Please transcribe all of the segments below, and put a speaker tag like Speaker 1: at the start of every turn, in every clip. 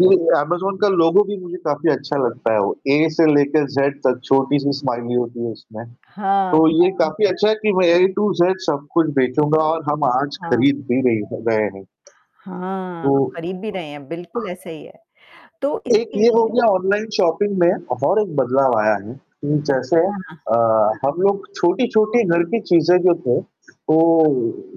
Speaker 1: जी, जी, Amazon का लोगो भी मुझे काफ़ी अच्छा लगता है। वो ए से लेके ज़ेड तक छोटी-सी स्माइली होती है उसमें।
Speaker 2: हाँ,
Speaker 1: तो
Speaker 2: हाँ।
Speaker 1: ये काफ़ी अच्छा है कि वह ए टू जेड सब कुछ बेचूँगा और हम आज
Speaker 2: हाँ।
Speaker 1: खरीद भी रे हैं रहे हैं।
Speaker 2: हाँ,
Speaker 1: तो
Speaker 2: खरीद भी रहें हैं, बिल्कुल ऐसा ही है। तो
Speaker 1: एक
Speaker 2: इससे
Speaker 1: ये
Speaker 2: ये
Speaker 1: हो
Speaker 2: है
Speaker 1: गया
Speaker 2: के
Speaker 1: ऑनलाइन शॉपिंग में और एक बदलाव आया है कि जैसे
Speaker 2: हाँ, हाँ।
Speaker 1: अ,
Speaker 2: हुँ, हुँ।
Speaker 1: हम लोग छोटी-छोटी घर की चीज़ें जो थे तो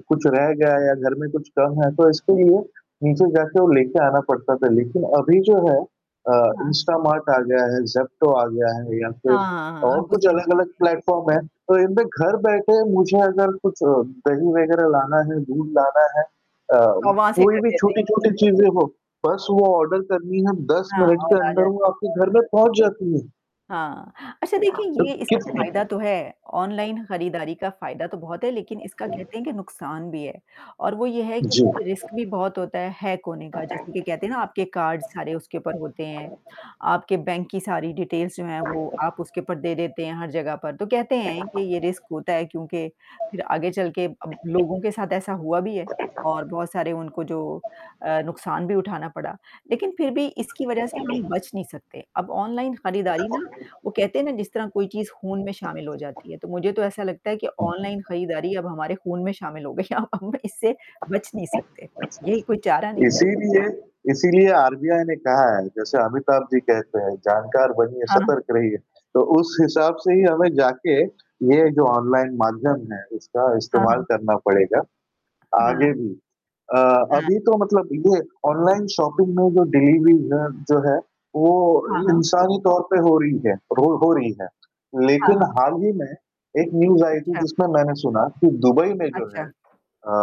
Speaker 1: कुछ रह गया या घर में कुछ कम है तो इसके लिए नीचे जाके वो लेके आना पड़ता था। लेकिन अभी जो है अ,
Speaker 2: हाँ।
Speaker 1: इंस्टामार्ट आ गया है, ज़ेप्टो आ गया है या
Speaker 2: हाँ,
Speaker 1: फिर
Speaker 2: हाँ, हाँ,
Speaker 1: और
Speaker 2: आप
Speaker 1: कुछ
Speaker 2: उसे नहीं
Speaker 1: अलग-अलग
Speaker 2: लेते।
Speaker 1: प्लेटफॉर्म हैं। तो इनमें घर बैठे मुझे अगर कुछ दही वगैरह लाना है, दूध लाना है अ,
Speaker 2: तो वहाँ से
Speaker 1: कोई
Speaker 2: कर
Speaker 1: भी
Speaker 2: देते हैं।
Speaker 1: छोटी-छोटी चीज़ें हो, बस वो ऑर्डर करनी है और 10
Speaker 2: हाँ
Speaker 1: मिनट
Speaker 2: और
Speaker 1: के अंदर
Speaker 2: आज़ाद।
Speaker 1: वो आपके घर में पहुँच जाती है।
Speaker 2: हाँ। अच्छा देखिए ये इसका फ़ायदा तो है, ऑनलाइन खरीदारी का फ़ायदा तो बहुत है लेकिन इसका कहते हैं कि नुकसान भी है। और वो ये है कि
Speaker 1: जी।
Speaker 2: इससे रिस्क भी बहुत होता है हैक होने का जैसे कि कहते हैं ना आपके कार्ड सारे उसके ऊपर होते हैं। आपके बैंक की सारी डिटेल्स जो हैं वो आप उसके ऊपर दे देते हैं हर जगह पर, तो कहते हैं कि ये रिस्क होता है क्योंकि फिर आगे चल के अब लोगों के साथ ऐसा हुआ भी है और बहुत सारे उनको जो अ, नुकसान भी उठाना पड़ा, लेकिन फिर भी इसकी वजह से हम बच नहीं सकते। अब ऑनलाइन खरीदारी ना, वो कहते हैं ना जिस तरह कोई चीज़ खून में शामिल हो जाती है, तो मुझे तो ऐसा लगता है कि
Speaker 1: हाँ जी।
Speaker 2: ऑनलाइन खरीदारी अब हमारे खून में शामिल हो गई है अब इससे बच नहीं सकते। यही कोई चारा नहीं
Speaker 1: इसीलिए, इसीलिए आरबीआई ने कहा है जैसे अमिताभ जी कहते हैं जानकार बनिए,
Speaker 2: हाँ।
Speaker 1: सतर्क रहिए। तो उस हिसाब से ही हमें जाके ये जो
Speaker 2: ह
Speaker 1: ऑनलाइन माध्यम है इसका
Speaker 2: हाँ,
Speaker 1: इस्तेमाल
Speaker 2: हाँ।
Speaker 1: करना पड़ेगा, आगे
Speaker 2: हाँ।
Speaker 1: भी। अ,
Speaker 2: हाँ।
Speaker 1: अभी तो मतलब ये ऑनलाइन शॉपिंग में जो डिलीवरी है जो है वो
Speaker 2: हाँ, हाँ।
Speaker 1: इंसानी तौर पे हो रही है, रो हो रही है।
Speaker 2: हाँ,
Speaker 1: लेकिन
Speaker 2: हाँ।
Speaker 1: हाल ही में एक न्यूज़ आई थी
Speaker 2: अच्छा।
Speaker 1: जिसमें मैंने सुना कि दुबई में जो
Speaker 2: अच्छा।
Speaker 1: है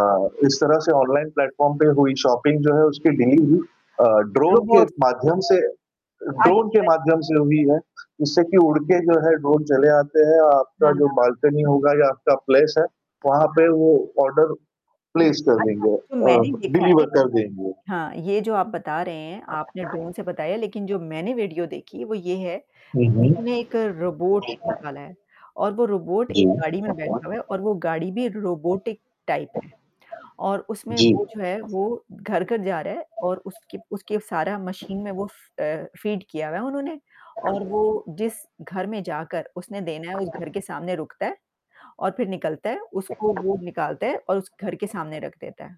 Speaker 2: हुँ।
Speaker 1: इस तरह से ऑनलाइन प्लेटफॉर्म पे हुई शॉपिंग जो है उसकी डिलीवरी अ, ड्रोन
Speaker 2: लोग
Speaker 1: के
Speaker 2: बहुत
Speaker 1: माध्यम से अ, ड्रोन के
Speaker 2: अच्छा जी।
Speaker 1: माध्यम से हुई है। जिससे कि उड़ के जो है ड्रोन चले आते हैं
Speaker 2: हाँ,
Speaker 1: आपका जो
Speaker 2: हाँ।
Speaker 1: बालकनी होगा या आपका प्लेस है, वहाँ
Speaker 2: हाँ।
Speaker 1: पे वो ऑर्डर प्लेस कर
Speaker 2: अच्छा,
Speaker 1: देंगे
Speaker 2: जो
Speaker 1: अ,
Speaker 2: मैंने देखा है
Speaker 1: डिलीवर कर
Speaker 2: इसका
Speaker 1: देंगे।
Speaker 2: हाँ, ये जो आप बता रहे हैं, आपने ड्रोन से बताया लेकिन जो मैंने वीडियो देखी वो ये है
Speaker 1: हुँ,
Speaker 2: कि
Speaker 1: हुँ।
Speaker 2: उन्हे एक रोबोट निकाला है और वो रोबोट एक
Speaker 1: जी।
Speaker 2: गाड़ी में बैठा हुआ है और वो गाड़ी भी रोबोटिक टाइप है। और उसमें
Speaker 1: जी।
Speaker 2: वो जो है वो घर-घर जा रहा है और उसकी उसके सारा मशीन में वो फ अ, फ़ीड किया है उन्होंने। और वो जिस घर में जाकर उसने देना है उस घर के सामने रुकता है और फिर निकलता है उसको वो निकालता है और उस घर के सामने रख देता है।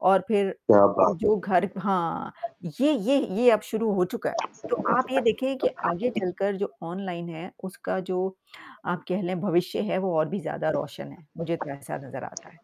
Speaker 2: और फिर
Speaker 1: क्या
Speaker 2: तो
Speaker 1: बात
Speaker 2: जो
Speaker 1: है!
Speaker 2: घर हाँ, ये ये ये अब शुरू हो चुका है। तो आप ये देखें कि आगे चलकर जो ऑनलाइन है उसका जो, आप कह लें भविष्य है वो और भी ज़्यादा रोशन है, मुझे तो ऐसा नज़र आता है।